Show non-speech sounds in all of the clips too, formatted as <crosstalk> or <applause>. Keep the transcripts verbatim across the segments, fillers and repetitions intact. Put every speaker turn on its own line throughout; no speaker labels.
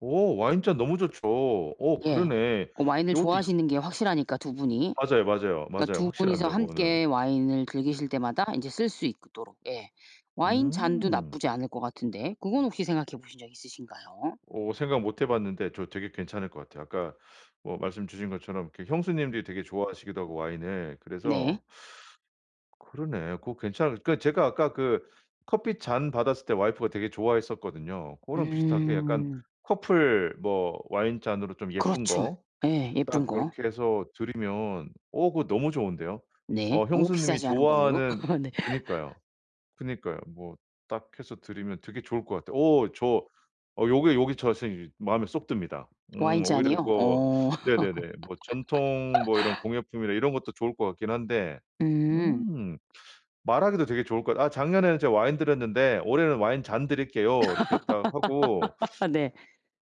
오 와인 잔 너무 좋죠. 어
예.
그러네.
고 와인을
요것도 이
좋아하시는 게 확실하니까 두 분이.
맞아요, 맞아요,
그러니까
맞아요.
두 분이서
확실합니다, 고거는.
함께 와인을 즐기실 때마다 인제 쓸 수 있도록 예. 와인 잔도
음.
나쁘지 않을 것 같은데 그건 혹시 생각해 보신 적 있으신가요?
어 생각 못해봤는데 저 되게 괜찮을 것 같아요. 그러니까 뭐 말씀 주신 것처럼 이렇게 형수님들이 되게 좋아하시기도 하고, 와인을.
네.
그래서 그러네. 그거 괜찮을 그 제가 아까 그 커피 잔 받았을 때 와이프가 되게 좋아했었거든요. 그거랑 비슷하게 약간
음.
커플 뭐 와인 잔으로 좀 예쁜
그렇죠.
거
예 예쁜
딱
거.
요렇게 해서 드리면 어 그거 너무 좋은데요.
네.
어
너무
형수님이
비싸지 않은 걸로.
좋아하는
<laughs> 네.
그니까요.
<laughs>
그니까요. 뭐 딱 해서 드리면 되게 좋을 것 같아요. 오 저 어 요게, 요게 저 선생님 마음에 쏙 듭니다.
와인
음 오히려
잔이요?
뭐
어.
네네네 뭐 전통 뭐 이런
<laughs>
공예품이나 이런 것도 좋을 것 같긴 한데
음.
음. 말하기도 되게 좋을 것 같 아 "작년에는 제가 와인 드렸는데 올해는 와인 잔 드릴게요." 이렇게 딱 하고
<laughs> 네.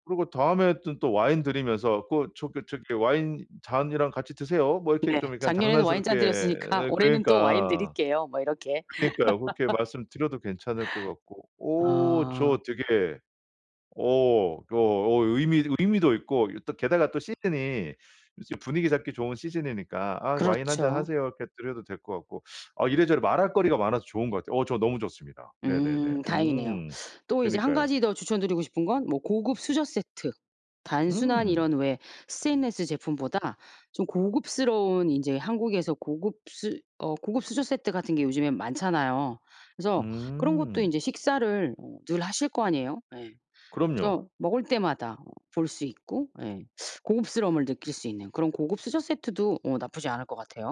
그러고 다음에는 또 와인 드리면서 그 저기 저기 "와인 잔이랑 같이 드세요." 뭐 이렇게
네.
좀 약간
작년에는 와인잔
장난스럽게
드렸으니까
어
올해는 또 와인
그니까.
드릴게요. 뭐 이렇게.
그러니까요 그렇게 말씀드려도 괜찮을 것 같고.
<laughs>
오
아.
저 되게 어 그 어 의미 의미도 있고 이 또 게다가 또 시즌이 이제 분위기 잡기 좋은 시즌이니까 아 "와인 한 잔
그렇죠.
하세요." 이렇게 드려도 될 것 같고. 아 이래저래 말할 거리가 많아서 좋은 것 같아요. 어 저 너무 좋습니다. 네네네.
음 다행이네요.
응.
또 이제 한
그니까요.
가지 더 추천드리고 싶은 건 뭐 고급 수저 세트. 단순한
음.
이런 왜 스테인리스 제품보다 좀 고급스러운 인제 한국에서 고급 수 어 고급 수저 세트 같은 게 요즘에 많잖아요. 그래서 그런 것도
음.
이제 식사를 늘 하실 거 아니에요. 예.
그럼요.
그래서 먹을 때마다 볼 수 있고 예 고급스러움을 느낄 수 있는 그런 고급 수저 세트도 어 나쁘지 않을 것 같아요.